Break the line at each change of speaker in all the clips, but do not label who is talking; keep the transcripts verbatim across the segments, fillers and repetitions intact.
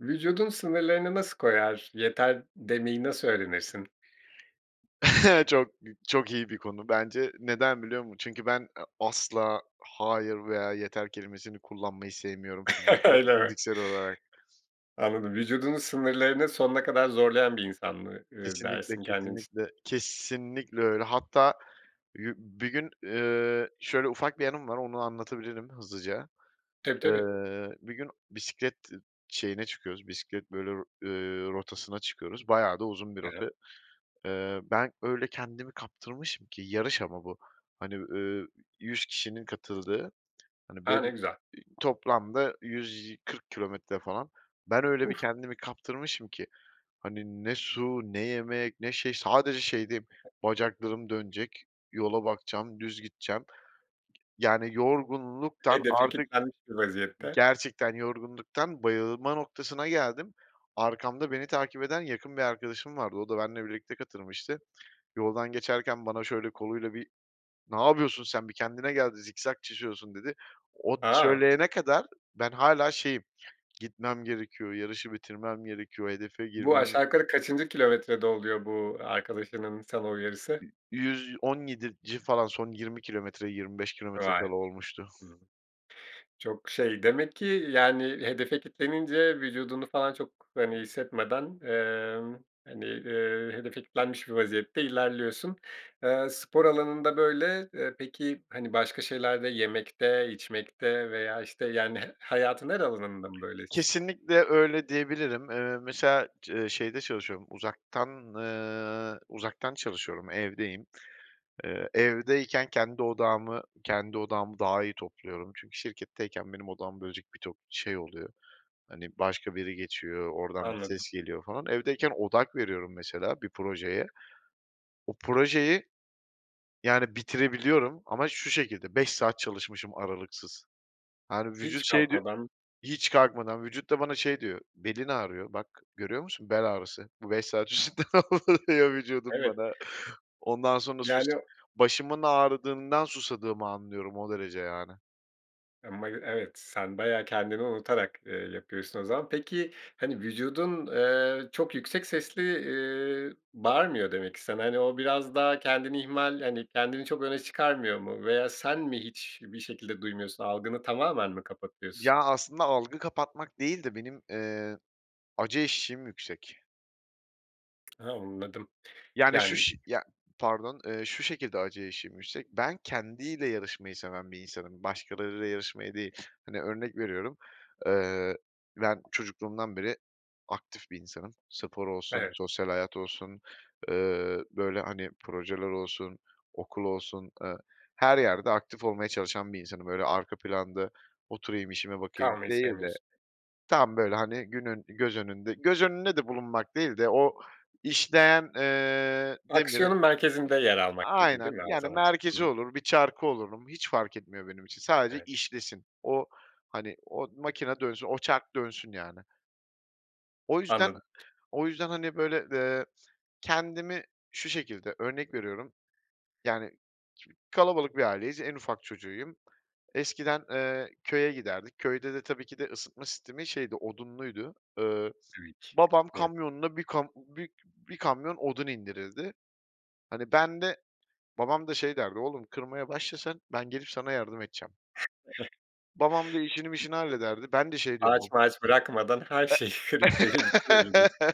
Vücudun sınırlarını nasıl koyar? Yeter demeyi nasıl öğrenirsin?
Çok b çok iyi bir konu bence. Neden biliyor musun? Çünkü ben, eee, "asla", "hayır" veya "yeter" kelimesini kullanmayı sevmiyorum fizikse
Öyle mi?
fiziksel olarak.
Anladım. Vücudunun sınırlarını sonuna kadar zorlayan bir insan mı, ııı,
Kesinlikle,
dersin kendin için?
kesinlikle, kesinlikle öyle. Hatta yu bir gün, eee, şöyle ufak bir anım var, onu anlatabilirim hızlıca.
Tabii, tabii.
Iıı, bir gün bisiklet ı şeyine çıkıyoruz, bisiklet böyle, r ııı, rotasına çıkıyoruz. Bayağı da uzun bir
He he.
rota. Iıı, ben öyle kendimi kaptırmışım ki yarış ama bu, hani, ııı, yüz kişinin katıldığı, hani,
Ha, ne
ben
güzel.
toplamda yüz kırk kilometre, falan, ben öyle bir
Uf.
kendimi kaptırmışım ki, hani, ne su ne yemek ne şey, sadece şeydeyim, "Bacaklarım dönecek, yola bakacağım, düz gideceğim." Yani, yorgunluktan
Hedefe
artık
kitlenmiş bir vaziyette.
gerçekten yorgunluktan bayılma noktasına geldim. Arkamda beni takip eden yakın bir arkadaşım vardı, o da benle birlikte katılmıştı. Yoldan geçerken bana şöyle koluyla bir, "Ne yapıyorsun sen, bir kendine geldi, zikzak çiziyorsun." dedi. O
Ha.
söyleyene kadar ben hâlâ şeyim, "Gitmem gerekiyor, yarışı bitirmem gerekiyor, hedefe
Bu,
girmem"
aşağı yukarı kaçıncı kilometrede oluyor, bu arkadaşının sana uyarısı?
Y yüz on yedinci, falan, son yirmi kilometre, yirmi beş kilometre
Vay.
kala olmuştu.
Hımm. Çok şey demek ki, yani, hedefe kitlenince vücudunu, falan, çok, hani, hissetmeden, emm, hani, ııı, hedefe kitlenmiş bir vaziyette ilerliyorsun. Eee, spor alanında böyle. Eee, peki, hani, başka şeylerde, yemekte, içmekte veya, işte, yani, h hayatın her alanında mı böylesin?
Kesinlikle öyle diyebilirim. Iıı, mesela, cı şeyde çalışıyorum, uzaktan, ııı, uzaktan çalışıyorum, evdeyim. Iıı, evdeyken kendi odağımı kendi odağımı daha iyi topluyorum. Çünkü şirketteyken benim odağımı bölecek bir tok şey oluyor, hani, başka biri geçiyor, oradan bir
Anladım.
ses geliyor, falan. Evdeyken odak veriyorum, mesela, bir projeye, o projeyi, yani, bitirebiliyorum ama şu şekilde, beş saat çalışmışım aralıksız. Yani, vücut
Hiç
şey diyor
kalkmadan.
hiç kalkmadan, vücut da bana şey diyor, "Belin ağrıyor, bak, görüyor musun: bel ağrısı." Bu beş saat [unintelligible] diyor vücudum
Evet.
bana. Ondan sonra sus
Yani
başımın ağrıdığından susadığımı anlıyorum o derece yani.
[unintelligible] Evet, sen bayağı kendini unutarak, ııı, yapıyorsun o zaman. Peki, hani, vücudun, eee, çok yüksek sesli, iii, bağırmıyor demek ki sana, hani, o biraz daha kendini ihmal, hani, kendini çok öne çıkarmıyor mu? Veya sen mi hiçbir şekilde duymuyorsun, algını tamamen mi kapatıyorsun?
Ya, aslında, algı kapatmak değil de benim, eee, acı eşiğim yüksek.
Hı. Anladım.
Yani, şu
Yani
ş ya, pardon, eee, şu şekilde acı eşiğim yüksek. Ben kendiyle yarışmayı seven bir insanım, başkalarıyla yarışmayı değil. Hani, örnek veriyorum, ııı, ben çocukluğumdan beri aktif bir insanım. Spor olsun,
Evet.
sosyal hayat olsun, ııı, böyle, hani, projeler olsun, okul olsun, aaa, her yerde aktif olmaya çalışan bir insanım. Böyle arka planda oturayım işime bakayım
Kalmayı
değil de,
sevmiyorsun.
tam böyle, hani, günün, göz önünde göz önünde de bulunmak değil de o işleyen, eee, demiri
Aksiyonun merkezinde yer almak gibi değil
Aynen,
mi o
yani
zaman?
merkezi
Hı.
olur, bir çarkı olurum hiç fark etmiyor benim için. Sadece
Evet.
işlesin, o, hani, o makine dönsün, o çark dönsün yani. O yüzden
Anladım.
o yüzden, hani, böyle, eee, kendimi şu şekilde örnek veriyorum, yani kalabalık bir aileyiz, en ufak çocuğuyum. Eskiden, eee, köye giderdik, köyde de tabii ki de ısıtma sistemi, şeydi, odunluydu. Iıı, babam
[unintelligible]
kamyonuna bir kam bi bir kamyon odun indirirdi. Hani, ben de babam da, şey, derdi, oğlum kırmaya başla sen ben gelip sana yardım edeceğim. Babam da işini
[unintelligible]
mişini hallederdi, ben de şey diyorum, ba
Ağaç mağaç bırakmadan her
E
şeyi kırıp verirdi değil mi?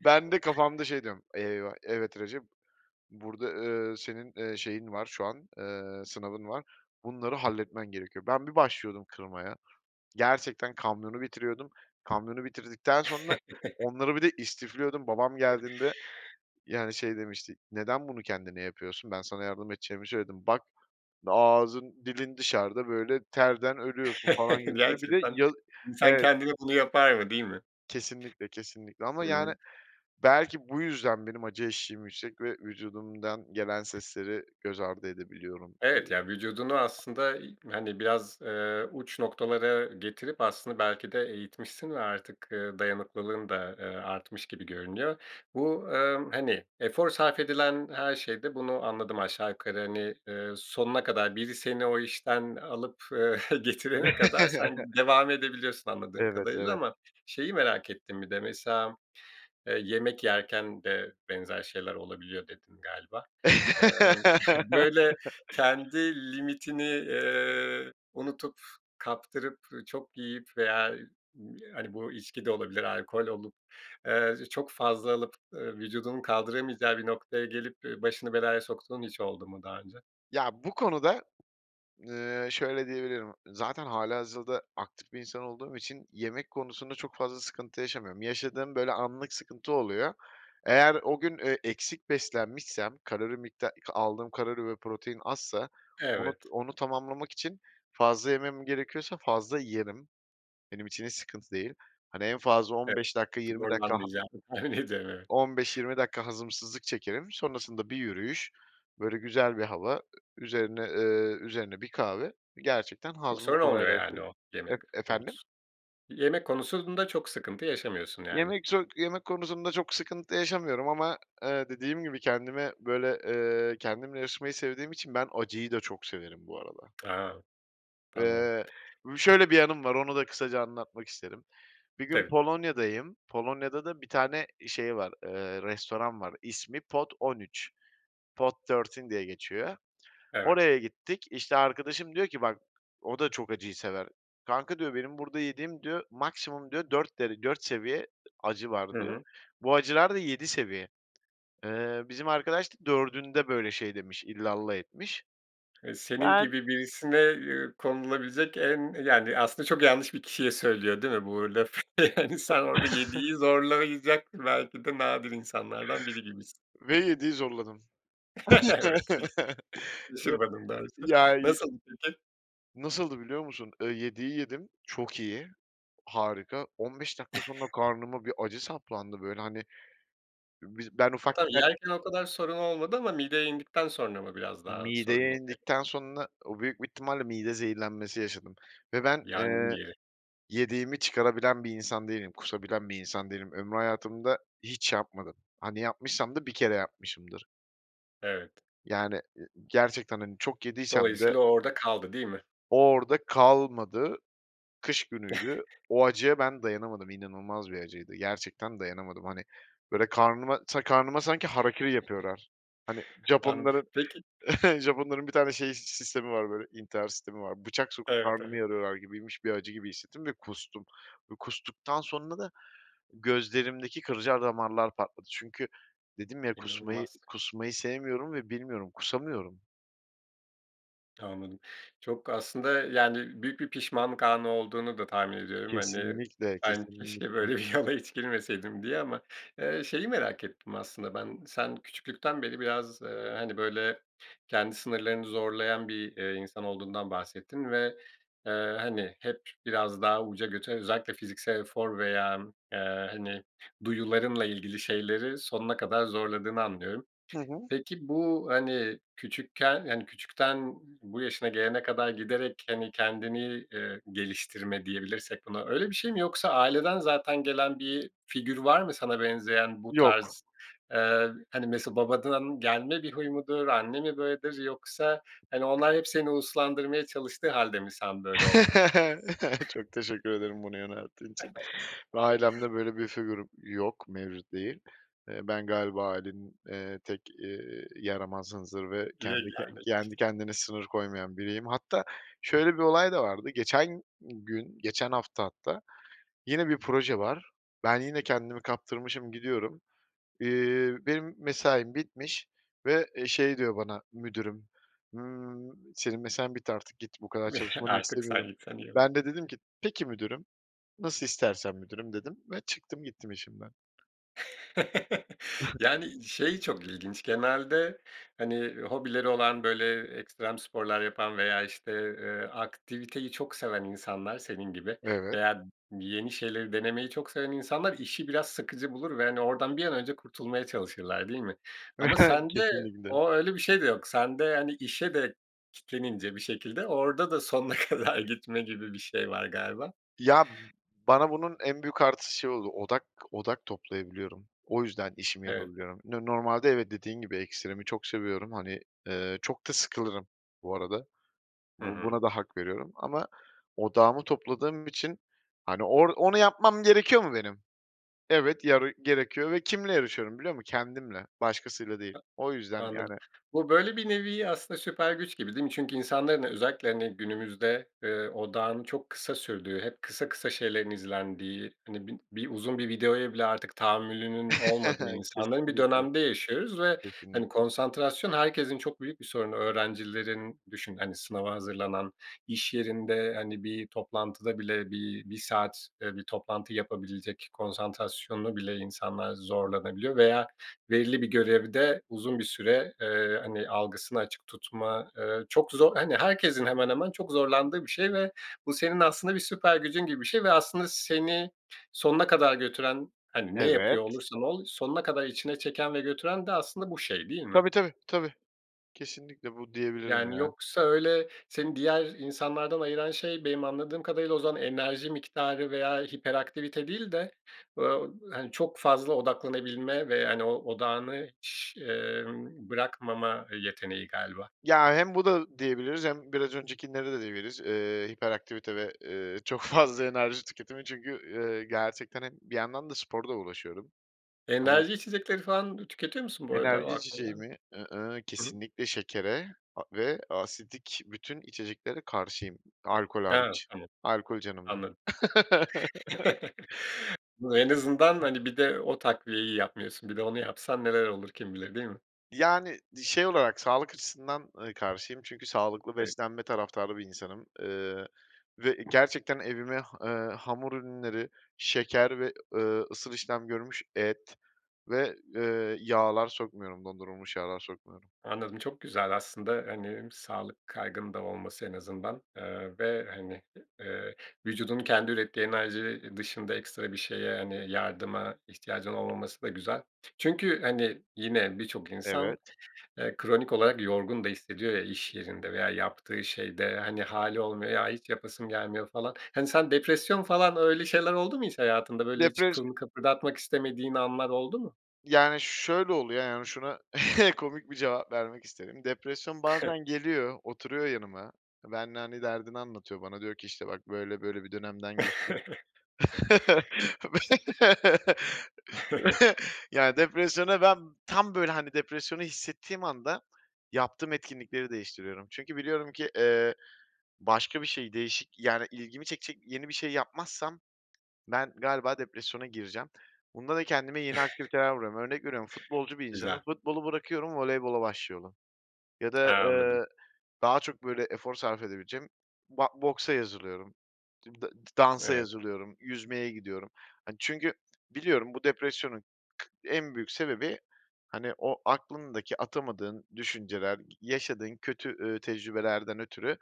Ben de kafamda, şey, diyorum, eyvah evet Recep, burada, ııı, senin, ııı, şeyin var şu an, ııı, sınavın var, bunları halletmen gerekiyor. Ben bir başlıyordum kırmaya, gerçekten, kamyonu bitiriyordum, kamyonu bitirdikten sonra onları bir de istifliyordum babam geldiğinde, yani, şey, demişti neden bunu kendine yapıyorsun ben sana yardım edeceğimi söyledim bak ağzın dilin dışarıda, böyle, terden ölüyorsun, falan, gibisinden bir de
Gerçekten
yaz
insan
evet.
kendine bunu yapar mı, değil mi?
Kesinlikle, kesinlikle ama, yani,
Evet.
belki, bu yüzden benim acı eşiğim yüksek ve vücudumdan gelen sesleri göz ardı edebiliyorum,
Evet,
diyebilirim.
ya, vücudunu, aslında, iii, hani, biraz, ııı, uç noktalara getirip, aslında, belki, de eğitmişsin ve artık, ııı, dayanıklılığın da, aaa, artmış gibi görünüyor. Bu, ımm, hani, efor sarf edilen her şeyde bunu anladım aşağı yukarı. Hani, ııı, sonuna kadar biri seni o işten alıp, eee, getirene kadar sen devam edebiliyorsun anladığım
Evet,
kadarıyla
evet.
ama şeyi merak ettim bir de, mesela, eee, yemek yerken de benzer şeyler olabiliyor dedin galiba. Imm, böyle, kendi limitini, eee, unutup, kaptırıp, ı çok yiyip veya b hani, bu içki de olabilir alkol olup, aaa, çok fazla alıp, ııı, vücudunu kaldıramayacağı bir noktaya gelip, ııı, başını belaya soktuğun hiç oldu mu daha önce?
Ya, bu konuda, eee, şöyle diyebilirim, zaten hâlihazırda aktif bir insan olduğum için yemek konusunda çok fazla sıkıntı yaşamıyorum. Yaşadığım, böyle, anlık sıkıntı oluyor. Eğer o gün, ııı, eksik beslenmişsem kalori mikta aldığım kalori ve protein azsa onu
Evet.
onu tamamlamak için fazla yemem gerekiyorsa fazla yerim. Benim için hiç sıkıntı değil. Hani, en fazla on
Evet.
beş dakika yirmi dakika ha
Zorlanmayacağını tahmin ediyorum. Evet.
on beş yirmi dakika hazımsızlık çekerim. Sonrasında bir yürüyüş, böyle, güzel bir hava, ı üzerine, ııı, üzerine bir kahve, gerçekten,
Yoksa
hazmımı
öyle olmuyor, yani,
kolaylaştırır
o yemek
E efendim?
konusu, yemek konusunda çok sıkıntı yaşamıyorsun, yani.
Yemek çok yemek konusunda çok sıkıntı yaşamıyorum ama, ııı, dediğim gibi kendime, böyle, eee, kendimle yarışmayı sevdiğim için ben acıyı da çok severim bu arada.
A! Tamam.
Eee, u şöyle bir yanım var, onu da kısaca anlatmak isterim. Bir gün
Tabii.
Polonya'dayım. Polonya'da da bir tane e şey var, eee, restoran var, ismi Pot on üç. Pot thirteen diye geçiyor.
Evet.
Oraya gittik, işte arkadaşım diyor ki bak o da çok acıyı sever. Kanka diyor benim burada yediğim diyor maksimum diyor dört dere dört seviye acı var
Hı
diyor.
hı.
Bu acılar da yedi seviye. Eee, bizim arkadaş da dördünde böyle şey demiş, illallah etmiş.
Eee, senin
Ben
gibi birisine, eee, konulabilecek en yani, aslında, çok yanlış bir kişiye söylüyor değil mi bu lafı? Hani, sen orada
[unintelligible]
yediyi zorlayacak belki de nadir insanlardan biri gibisin.
Ve yediyi zorladım.
Evet. Şaşırmadım doğrusu.
Ya, yi
Nasıldı peki?
nasıldı biliyor musun? Iıı, yediyi yedim, çok iyi, harika. On beş dakika sonra karnıma bir acı saplandı, böyle, hani, biz ben
Tabii,
ufakken
yerken o kadar sorun olmadı ama mideye indikten sonra mı biraz daha sorun
Mideye
oluyor?
indikten sonra o büyük bir ihtimalle mide zehirlenmesi yaşadım ve ben,
Yangın
eee,
yeri.
yediğimi çıkarabilen bir insan değilim, kusabilen bir insan değilim. Ömrü hayatımda hiç yapmadım. Hani, yapmışsam da bir kere yapmışımdır.
Evet.
Yani, ııı, gerçekten, hani, çok yediysem de
Dolayısıyla o orada kaldı, değil mi?
o, orada kalmadı, kış günüydü. O acıya ben dayanamadım, inanılmaz bir acıydı, gerçekten dayanamadım. Hani, böyle karnıma ta karnıma sanki harakiri yapıyorlar. Hani
An
Japonların
Peki
Japonların bir tane şeyi, sistemi var, böyle, intihar sistemi var, bıçak sokup
Evet.
karnımı
Evet.
yarıyorlar gibiymiş bir acı gibi hissettim ve kustum. Bu kustuktan sonra da gözlerimdeki kırcar damarlar patladı. Çünkü dedim ya kusmayı
İnanılmaz.
kusmayı sevmiyorum ve bilmiyorum, kusamıyorum.
Anladım. Çok aslında, yani, büyük bir pişmanlık anı olduğunu da tahmin ediyorum, hani,
Kesinlikle,
ben keşke
kesinlikle.
böyle bir yola hiç girmeseydim diye ama, eee, şeyi merak ettim aslında ben, sen küçüklükten beri biraz, eee, hani, böyle, kendi sınırlarını zorlayan bir, eee, insan olduğundan bahsettin ve, eee, hani, hep biraz daha uca götü özellikle fiziksel efor veya, eee, hani, duyularınla ilgili şeyleri sonuna kadar zorladığını anlıyorum.
Hı hı.
Peki, bu, hani, küçükken, hani, küçükten bu yaşına gelene kadar giderek, hani, kendini, eee, geliştirme diyebilirsek buna, öyle bir şey mi yoksa aileden zaten gelen bir figür var mı sana benzeyen bu
Yok.
tarz? Eee, hani, mesela, babadan gelme bir huy mudur, anne mi böyledir yoksa, hani, onlar hep seni uslandırmaya çalıştığı hâlde mi sen böyle oldun?
Çok teşekkür ederim bunu yönelttiğin için ve ailemde böyle bir figürüm yok, mevcut değil. Eee, ben galiba ailenin, eee, tek, ııı, yaramaz, hınzır ve kendi ke
Yegâne kişisin.
kendi kendine sınır koymayan biriyim. Hatta şöyle bir olay da vardı, geçen gün, geçen hafta hatta yine bir proje var. Ben yine kendimi kaptırmışım, gidiyorum. Eee, benim mesaim bitmiş ve, eee, şey diyor bana müdürüm, ımm, "Senin mesain bitti, artık git, bu kadar çalışmanı
Artık sen
istemiyorum."
gitsen iyi olur.
Ben de dedim ki, "Peki müdürüm, nasıl istersen müdürüm" dedim ve çıktım, gittim işimden.
Yani, şey çok ilginç genelde, hani, hobileri olan, böyle, ekstrem sporlar yapan veya, işte, eee, aktiviteyi çok seven insanlar senin gibi
Evet.
veya yeni şeyleri denemeyi çok seven insanlar işi biraz sıkıcı bulur ve, hani, oradan bir an önce kurtulmaya çalışırlar, değil mi? Ama sende
Kesinlikle.
o öyle bir şey de yok. Sende, hani, işe de kitlenince bir şekilde orada da sonuna kadar gitme gibi bir şey var galiba.
Ya, bana bunun en büyük artısı şey oldu, odak odak toplayabiliyorum. O yüzden işimi
Evet.
yapabiliyorum. No normalde evet dediğin gibi, ekstremi çok seviyorum, hani, eee, çok da sıkılırım bu arada.
Hı
Bu
hı.
buna da hak veriyorum ama odağımı topladığım için, hani, "Or onu yapmam gerekiyor mu benim? Evet, yarı gerekiyor." Ve kiminle yarışıyorum biliyor musun? Kendimle, başkasıyla değil.
Ta
O yüzden,
Anladım.
yani
Bu, böyle, bir nevi aslında süper güç gibi, değil mi? Çünkü insanların, e özellikle, hani, günümüzde, eee, odağın çok kısa sürdüğü, hep kısa kısa şeylerin izlendiği, hani, bin bir uzun bir videoya bile artık tahammülünün olmadığı insanların bir
Kesinlikle.
dönemde yaşıyoruz ve, hani,
Kesinlikle.
konsantrasyon herkesin çok büyük bir sorunu. Öğrencilerin Düşün, hani, sınava hazırlanan, iş yerinde, hani, bir toplantıda bile bir bir saat, eee, bir toplantı yapabilecek konsantrasyona bile insanlar zorlanabiliyor. Veya belirli bir görevde uzun bir süre, eee, hani, algısını açık tutma, eee, çok zor Hani, herkesin hemen hemen çok zorlandığı bir şey ve bu senin aslında bir süper gücün gibi bir şey ve aslında seni sonuna kadar götüren, hani, ne yapıyor
Evet.
olursan ol, sonuna kadar içine çeken ve götüren de aslında bu şey, değil mi?
Tabii, tabii, tabii. Kesinlikle bu diyebilirim
Yani,
ya.
yoksa öyle seni diğer insanlardan ayıran şey benim anladığım kadarıyla o zaman enerji miktarı veya hiperaktivite değil de, böyle, hani, çok fazla odaklanabilme ve, yani, o, odağını, emm, bırakmama yeteneği galiba.
Ya, hem bu da diyebiliriz hem biraz öncekinleri de diyebiliriz, eee, hiperaktivite ve, eee, çok fazla enerji tüketimi çünkü, eee, gerçekten, hani, bir yandan da sporla uğraşıyorum, hani
Enerji içecekleri falan da tüketiyor musun bu arada? O
Enerji
aklıma
içeceği
geldi.
mi? I-ıh,
Hı hı.
kesinlikle şekere a ve asidik bütün içeceklere karşıyım. Alkol
He,
hariç,
tamam,
alkol canımdır.
anladım. Bu en azından, hani, bir de o takviyeyi yapmıyorsun. Bir de onu yapsan neler olur kim bilir, değil mi?
Yani, di şey olarak sağlık açısından, ııı, karşıyım çünkü sağlıklı
Peki
beslenme taraftarı bir insanım. Eee, ve gerçekten evime ha eee, hamur ürünleri, şeker ve, ııı, ısıl işlem görmüş et ve, eee, yağlar sokmuyorum, dondurulmuş yağlar sokmuyorum.
Anladım. Çok güzel aslında, hani, hem sağlık kaygının da olması en azından, eee, ve, hani, eee, vücudunun kendi ürettiği enerji, eee, dışında ekstra bir şeye, hani, yardıma ihtiyacın olmaması da güzel. Çünkü, hani, yine birçok insan,
Evet.
eee, kronik olarak yorgun da hissediyor ya iş yerinde veya yaptığı şeyde. Hani, hâli olmuyor, ya hiç yapasın gelmiyor falan. Hani, sen depresyon falan öyle şeyler oldu mu hiç hayatında, böyle, hiç
Depres
kılını kıpırdatmak istemediğin anlar oldu mu?
Yani, şöyle oluyor, yani, şuna komik bir cevap vermek isterim. Depresyon bazen geliyor, oturuyor yanıma, benimle, hani, derdini anlatıyor bana, diyor ki, işte, "Bak, böyle böyle bir dönemden geçtik." Be Ya, depresyona ben Tam, böyle, hani, depresyonu hissettiğim anda yaptığım etkinlikleri değiştiriyorum çünkü biliyorum ki, eee, başka bir şey, değişik, yani, ilgimi çekecek yeni bir şey yapmazsam, ben galiba depresyona gireceğim. Bunda da kendime yeni aktiviteler buluyorum. Örnek veriyorum, futbolcu bir insanım,
Güzel.
futbolu bırakıyorum, voleybola başlıyorum ya da,
Ha, anladım.
eee, daha çok, böyle, efor sarf edebileceğim ba boksa yazılıyorum. Dimda d dansa
Evet.
yazılıyorum, yüzmeye gidiyorum. Hani, çünkü biliyorum bu depresyonun en büyük sebebi, hani, o aklındaki atamadığın düşünceler, yaşadığın kötü, eee, tecrübelerden ötürü,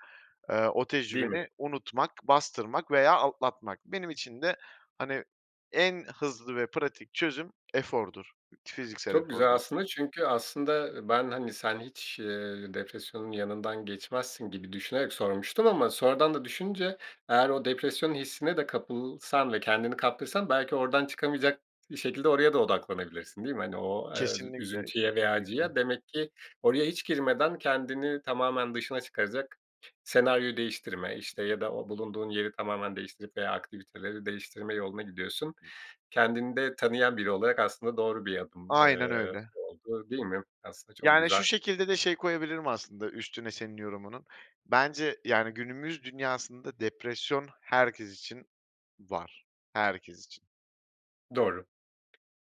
eee, o
Değil mi?
tecrübeni unutmak, bastırmak veya atlatmak. Benim için de, hani, en hızlı ve pratik çözüm efordur, t fiziksel
Çok güzel
efordur.
aslında çünkü aslında ben, hani, sen hiç, eee, depresyonun yanından geçmezsin gibi düşünerek sormuştum ama sonradan da düşününce, eğer o depresyonun hissine de kapılsan ve kendini kaptırsan belki oradan çıkamayacak şekilde oraya da odaklanabilirsin, değil mi? Hani, o, eee, zü
Kesinlikle,
üzüntüye veya
kesinlikle.
acıya. Demek ki oraya hiç girmeden kendini tamamen dışına çıkaracak senaryo değiştirme, işte, ya da o bulunduğun yeri tamamen değiştirip veya aktiviteleri değiştirme yoluna gidiyorsun. Kendini de tanıyan biri olarak aslında doğru bir adım,
Aynen
eee,
öyle.
olduğu, değil mi? Aslında çok
Yani, şu
güzel.
şekilde de şey koyabilirim aslında üstüne senin yorumunun. Bence, yani, günümüz dünyasında depresyon herkes için var, herkes için.
Doğru.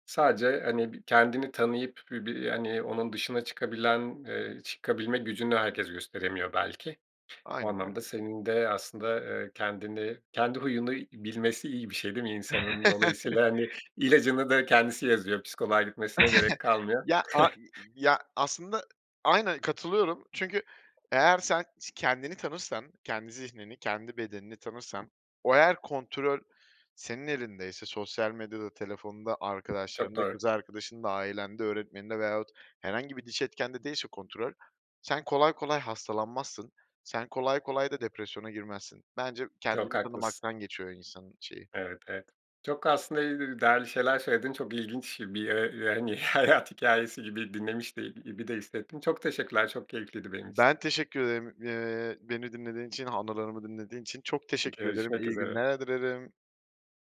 Sadece, hani, bir kendini tanıyıp bir bir, hani, onun dışına çıkabilen, eee çıkabilme gücünü herkes gösteremiyor belki. O
Aynen
anlamda
öyle.
senin de aslında, eee, kendini Kendi huyunu i bilmesi iyi bir şey, değil mi insanın? Dolayısıyla, hani, ilacını da kendisi yazıyor. Psikoloğa gitmesine gerek kalmıyor.
Ya, a i i ya, aslında aynen katılıyorum çünkü eğer sen s kendini tanırsan, kendi zihnini, kendi bedenini tanırsan, o eğer kontröl senin elindeyse sosyal medyada, telefonda,
Çok
arkadaşlarında,
doğru.
kız arkadaşında, ailende, öğretmeninde veyahut herhangi bir dış etkende değilse kontrol, sen kolay kolay hastalanmazsın, sen kolay kolay da depresyona girmezsin. Bence
Çok
kendini
haklısın.
tanımaktan geçiyor insanın şeyi.
Evet, evet. Çok aslında [unintelligible] değerli şeyler söyledin. Çok ilginç bir, eee, yani, hayat hikâyesi gibi dinlemiş de gibi de hissettim. Çok teşekkürler, çok keyifliydi benim için.
Ben teşekkür ederim, eee, beni dinlediğin için, anılarımı dinlediğin için. Çok teşekkür ederim,
Görüşmek
iyi
üzere.
günler dilerim.